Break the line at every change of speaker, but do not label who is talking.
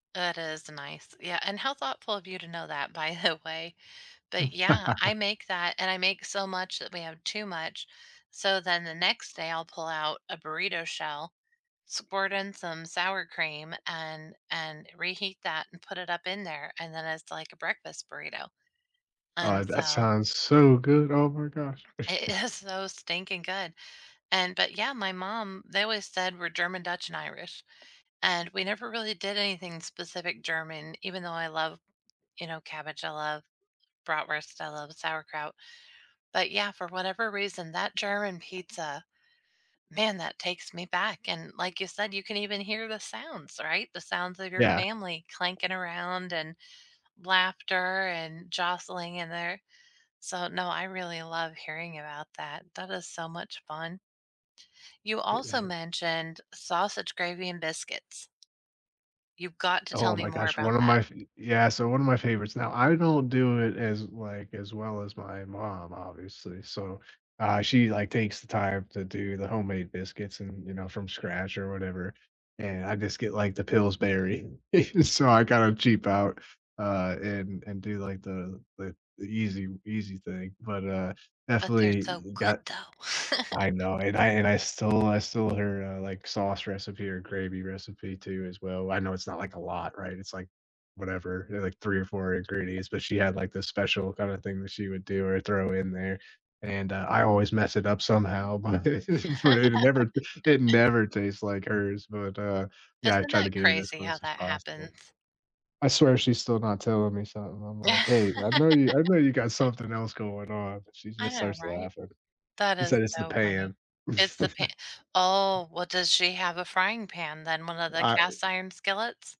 That is nice. Yeah, and how thoughtful of you to know that, by the way. But, yeah, I make that, and I make so much that we have too much. So then the next day, I'll pull out a burrito shell, squirt in some sour cream, and and reheat that and put it up in there, and then it's like a breakfast burrito.
Oh, uh,
And
that
so
sounds so good. Oh my gosh.
It is so stinking good. And but, yeah, my mom they always said we're German, Dutch, and Irish, and we never really did anything specific German even though I love, you know, cabbage. I love bratwurst. I love sauerkraut. But, yeah, for whatever reason, that German pizza, man, that takes me back. And like you said, you can even hear the sounds, right? The sounds of your
Yeah.
family clanking around and laughter and jostling in there. So, no, I really love hearing about that. That is so much fun. You
Eh,
also
uh
mentioned, sausage gravy and biscuits. You've got to tell
Oh
me
my
more
gosh.
about
One of
that.
my fa yeah, so one of my favorites. Now, I don't do it as, like, as well as my mom, obviously. So, uh, she, like, takes the time to do the homemade biscuits and, you know, from scratch or whatever. And I just get, like, the Pillsbury. So I gotta cheap out, uh, and and do, like, the the easy easy thing. But, uh,
But they're so
definitely
good,
got
though.
I know. And I and I stole I stole her, uh, like, sauce recipe or gravy recipe, too, as well. I know it's not, like, a lot, right? It's like whatever, there are, like, 3 or 4 ingredients. But she had, like, the special kinda thing that she would do or throw in there. And, uh, I always mess it up somehow, but but it never it never tastes like hers. But, uh, yeah, I
Isn't
tried
that
to get it as
crazy how
close as
that
possible.
happens?
I swear she's still not telling me something. I'm like, "Hey, I know you I know you got something else going on." But she
I
just
know,
starts
right?
laughing.
That
She
is
said it's the
so funny.
pan.
It's the pa Oh, well, does she have a frying pan, then, one of the
I, uh
cast iron skillets?